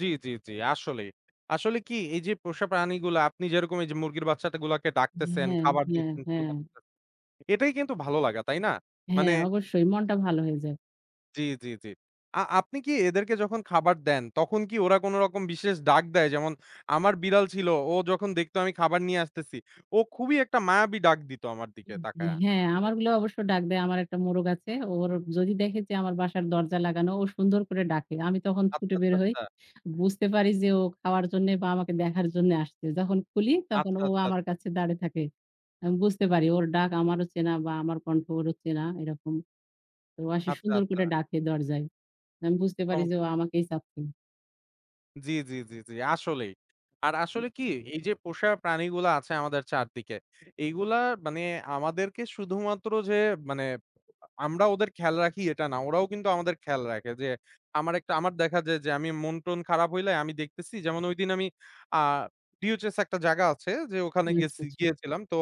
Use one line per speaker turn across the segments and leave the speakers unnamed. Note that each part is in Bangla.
জী, জী, জী, আসলেই। আসলে কি এই যে, পোষা প্রাণীগুলা আপনি যেরকম এই যে মুরগির বাচ্চাটাগুলাকে
ই
ডাকতেছেন,
হ্যাঁ,
খাবার
হ্যাঁ,
দিচ্ছেন,
হ্যাঁ।
[unintelligible] এটাই কিন্তু ভালো লাগা, তাই না? মানে
হ্যাঁ, অবশ্যই মনটা ভালো হয়ে যায়।
জী, জী, জী। আ আপনি কি এদেরকে যখন খাবার দেন, তখন কি ওরা কোন রকম বিশেষ ডাক দেয়? যেমন আমার বিড়াল ছিল ও যখন দেখতো আমি খাবার নিয়ে আসতেছি ও খুবই একটা মায়াবী ডাক দিত আমার
উ
দিকে তাকাইয়া।
হ্যাঁ, আমারগুলো অবশ্য ডাক দেয়। আমার একটা মোরগ আছে। ওর যদি দেখে যে আমার বাসার দরজা লাগানো, ও সুন্দর করে ডাকে। আমি তখন ছুটে
আচ্ছা,
বের
আচ্ছা,
হই।
আচ্ছা।
বুঝতে পারি যে ও খাওয়ার জন্যে বা আমাকে দেখার জন্যে আসছে। যখন খুলি তখন
আচ্ছা,
ও
আচ্ছা,
আমার
আচ্ছা,
কাছে দাঁড়িয়ে থাকে। আমি বুঝতে পারি ওর ডাক আমারও চেনা বা আমার কন্ঠ ওরও চেনা, এরকম। ও আসে
আচ্ছা,
সুন্দর
আচ্ছা।
করে ডাকে দরজায়। আমি বুঝতে
অ
পারি
হু
যে ও আমাকেই চাচ্ছে।
জী, জী, জী, জী, আসলেই। আর আসলে কি এই যে, পোষা প্রাণীগুলা আছে আমাদের চারদিকে এইগুলা মানে আমাদেরকে শুধুমাত্র যে মানে আ আমরা ওদের খেয়াল রাখি এটা না, ওরাও কিন্তু আমাদের খেয়াল রাখে যে, আমার একটা আমার দেখা যায় যে আমি মনটন খারাপ হইলে আমি দেখতেছি। যেমন ঐদিন আমি আ ডিওএইচএস একটা জায়গা আছে যে ওখানে
উ আচ্ছা,
গেছি,
আচ্ছা।
গিয়েছিলাম। তো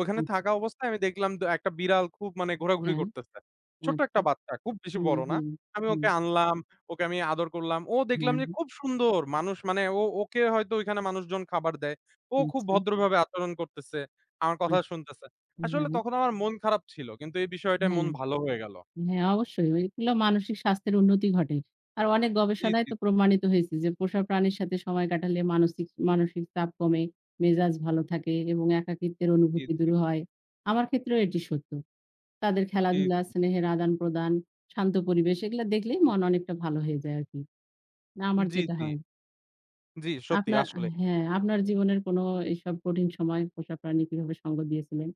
ওখানে
আচ্ছা।
থাকা অবস্থায় আমি দেখলাম ডা একটা বিড়াল খুব মানে ঘোরাঘুরি
হ্যাঁ,
করতেছে। ছোট্ট
আচ্ছা।
একটা বাচ্চা খুব বেশি
হুম,
বড় না।
হুম,
আমি
হুম।
ওকে আনলাম, ওকে আমি আদর করলাম। ও দেখলাম
হ্যাঁ,
যে
হ্যাঁ।
খুব সুন্দর। মানুষ মানে ও ওকে হয়তো ওইখানে মানুষজন খাবার দেয়। ও খুব
আচ্ছা।
ভদ্রভাবে আচরণ করতেছে, আমার কথা
আচ্ছা,
শুনতেছে।
হ্যাঁ,
আসলে
হ্যা,
তখন আমার মন খারাপ ছিল কিন্তু এই বিষয়টাই মন
হ্যাঁ,
ভালো হয়ে গেল।
হ্যাঁ। অবশ্যই ঐগুলো মানসিক স্বাস্থ্যের উন্নতি ঘটে। আর অনেক
জী,
গবেষণায়
জী।
তো প্রমাণিত হয়েছে যে, পোষা প্রাণীর সাথে সময় কাটালে মানচিক মানসিক চাপ কমে, মেজাজ ভালো থাকে এবং একাকীত্বের
জী,
অনুভূতি দূর
জী।
হয়। আমার ক্ষেত্রেও এটি সত্য। তাদের
জী,
খেলাধুলা,
জী।
স্নেহের আদান-প্রদান, শান্ত পরিবেশ এগুলা দেখলেই মন অনেকটা ভালো হয়ে যায় আরকি। না, আমার
জী,
যেটা
জী।
হয়
জি, সত্যি
আপনার,
আসলেই।
হ্যাঁ, আপনার জীবনের কোন এইসব কঠিন সময়ে পোষা প্রাণী কিভাবে সঙ্গ দিয়েছিলেন?